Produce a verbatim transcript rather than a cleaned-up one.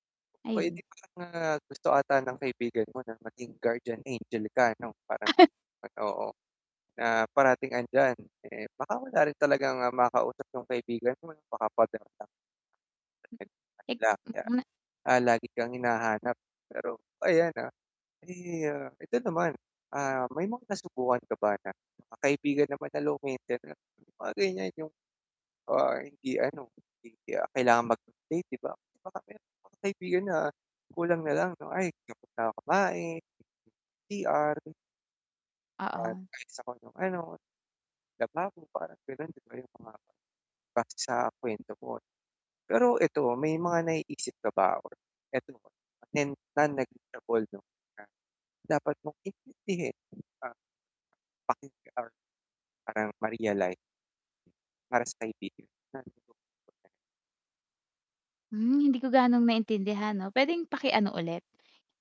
Oh, eh, di Ayon. parang, ah, gusto ata ng kaibigan mo na maging guardian angel ka ano, parang pag oo, na parating 'andiyan. Eh, baka wala rin talagang, ah, makausap yung kaibigan mo 'no, baka pader lang? [unintelligible] lang niya. [unintelligible] Ah, lagi kang hinahanap pero, ayan ha, di, ah, ito naman. Ah, may mga nasubukan ka ba na na kaibigan naman na low maintainance? Yung mga ganyan yung, ah, hindi ano, hindi, ah, kailangang mag-update 'di ba? Baka meron kang kaibigan na kulang na lang 'no, "Ay, tapos na ko kumain, [unintelligible] C-R." "At Oo. [unintelligible] ko nung ano, lababo." parang ganon, di ba, yung mga base sa kwento mo. Pero ito, ah, may mga naiisip ka ba or [unintelligible] and non-negotiable 'no, na dapat mong intindihin? Ah, pakinggan or parang ma-realize para sa kaibigan. [unintelligible] Hmm, hindi ko gaanong naintindihan 'no, pwedeng paki-ano ulit?